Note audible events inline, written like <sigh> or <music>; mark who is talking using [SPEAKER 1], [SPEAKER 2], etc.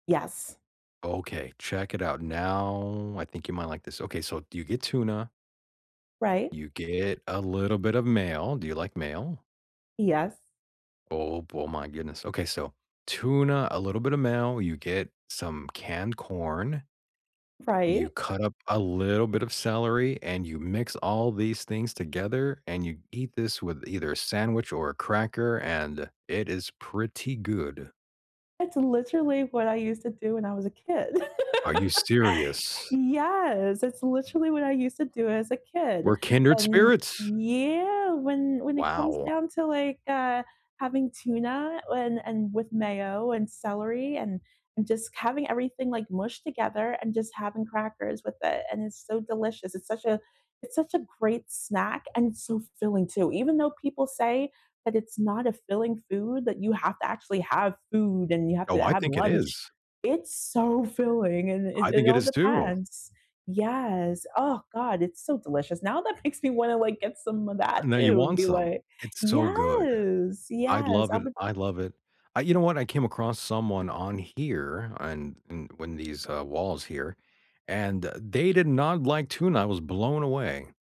[SPEAKER 1] Yes.
[SPEAKER 2] Okay, check it out, now, I think you might like this, okay so, you get tuna
[SPEAKER 1] Right.
[SPEAKER 2] You get a little bit of mayo. Do you like mayo?
[SPEAKER 1] Yes.
[SPEAKER 2] Oh, bo oh, my goodness, okay, so, tuna, a little bit of mayo, you get some canned corn. You
[SPEAKER 1] Right.
[SPEAKER 2] cut up a little bit of celery, and you mix all these things together, and you ge eat this with either a sandwich or a cracker, and it is pretty good.
[SPEAKER 1] That's literally what I used to do when I was a kid. <laughs>
[SPEAKER 2] Are you serious?
[SPEAKER 1] Yes, that's literally what I used to do as a kid,
[SPEAKER 2] We're kindred
[SPEAKER 1] and
[SPEAKER 2] spirits.
[SPEAKER 1] yeah, when when it comes
[SPEAKER 2] Wow.
[SPEAKER 1] down to, like, uh, having tuna and and with mayo, and celery, and and just having everything, like, mushed together, and just having crackers with it, and it's so delicious. It's such a it's such a great snack, and it's so filling too, even though people say that "It's not a filling food, that you have to actually have food and you have
[SPEAKER 2] Oh,
[SPEAKER 1] to
[SPEAKER 2] I
[SPEAKER 1] have
[SPEAKER 2] think it
[SPEAKER 1] lunch,"
[SPEAKER 2] is.
[SPEAKER 1] it's, so, filling and it
[SPEAKER 2] I think
[SPEAKER 1] it
[SPEAKER 2] it
[SPEAKER 1] all
[SPEAKER 2] is too.
[SPEAKER 1] depends, yes, uh god, it's so delicious. Now that makes me wanna, like, get some of that
[SPEAKER 2] And now you
[SPEAKER 1] too and
[SPEAKER 2] want
[SPEAKER 1] be
[SPEAKER 2] some,
[SPEAKER 1] like
[SPEAKER 2] it's so good,
[SPEAKER 1] yes,
[SPEAKER 2] I'd
[SPEAKER 1] yes,
[SPEAKER 2] love
[SPEAKER 1] I
[SPEAKER 2] it
[SPEAKER 1] would
[SPEAKER 2] I love it, I you know what, I came across someone on here, and and when these uh, walls here and they did not like tuna, I was blown away.